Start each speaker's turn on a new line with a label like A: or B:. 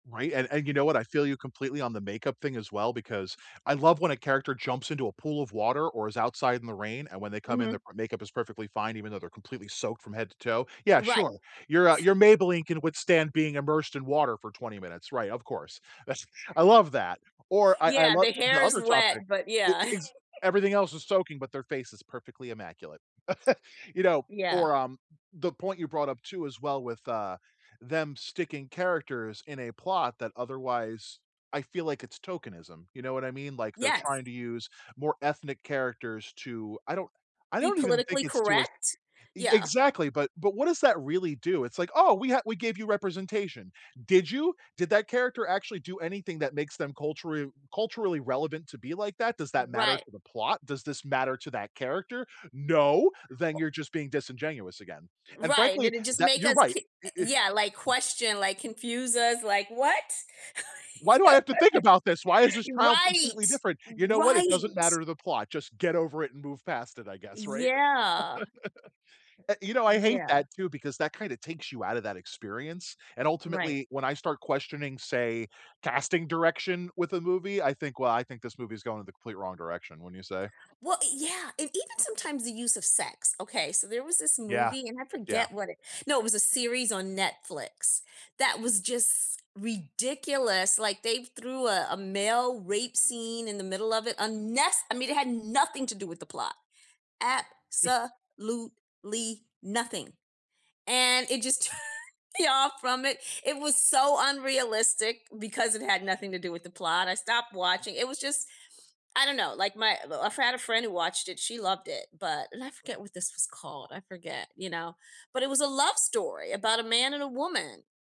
A: Right, and and, you know what, I feel you completely on the makeup thing as well because I love when a character jumps into a pool of water, or is outside in the rain, and when they come in, their
B: Mhm.
A: makeup is perfectly fine even though they're completely soaked from head to toe. Yeah,
B: Right.
A: sure. Your, uh your Maybelline can withstand being immersed in water for 20 minutes. Right, of course. That's I love that, or I I
B: Yeah,
A: love
B: the
A: the
B: hair is
A: other topic.
B: wet, but
A: It it
B: yeah.
A: it's everything else is soaking, but their face is perfectly immaculate. You know?
B: Yeah.
A: Or, um, the point you brought up, too, as well with, uh, them sticking characters in a plot that otherwise I feel like it's tokenism. You know what I mean? Like, they're
B: Yes.
A: trying to use more ethnic characters to I don't I
B: Be
A: don't even think
B: politically
A: it's to us
B: correct?
A: E
B: Yeah.
A: exactly, but but what does that really do? It's like, "Oh, we ha we gave you representation." Did you? Did that character actually do anything that makes them cultural culturally relevant to be like that? Does that matter
B: Right.
A: to the plot? Does this matter to that character? No. Then
B: O
A: you're just being disingenuous again, and
B: Right,
A: frankly,
B: did it just
A: that
B: make
A: you're
B: us
A: right.
B: k
A: It it
B: yeah, like, question, like, confuse us, like, "What?"
A: Why do I have to think about this? Why is this child completely
B: Right!
A: different? You know what, it doesn't matter
B: Right.
A: to the plot. Just get over it and move past it, I guess, right?
B: Yeah.
A: I you know, I hate
B: Yeah.
A: that too, because that kind of takes you out of that experience, and,
B: Right.
A: ultimately, when I start questioning, say, casting direction with a movie, I think, "Well, I think this movie is going in the complete wrong direction," wouldn't you say?
B: Well, yeah, and even sometimes the use of sex. Okay, so there was this
A: Yeah.
B: movie, and I
A: Yeah.
B: forget what it no, it was a series on Netflix that was just ridiculous. Like, they threw a a male rape scene in the middle of it. Unnece I mean, it had nothing to do with the plot. Absolutely nothing, and it just turned me off from it. It was so unrealistic because it had nothing to do with the plot. I stopped watching, it was just I don't know. Like, my I've had a friend who watched it. She loved it, but and I forget what this was called, I forget, you know? But it was a love story about a man and a woman.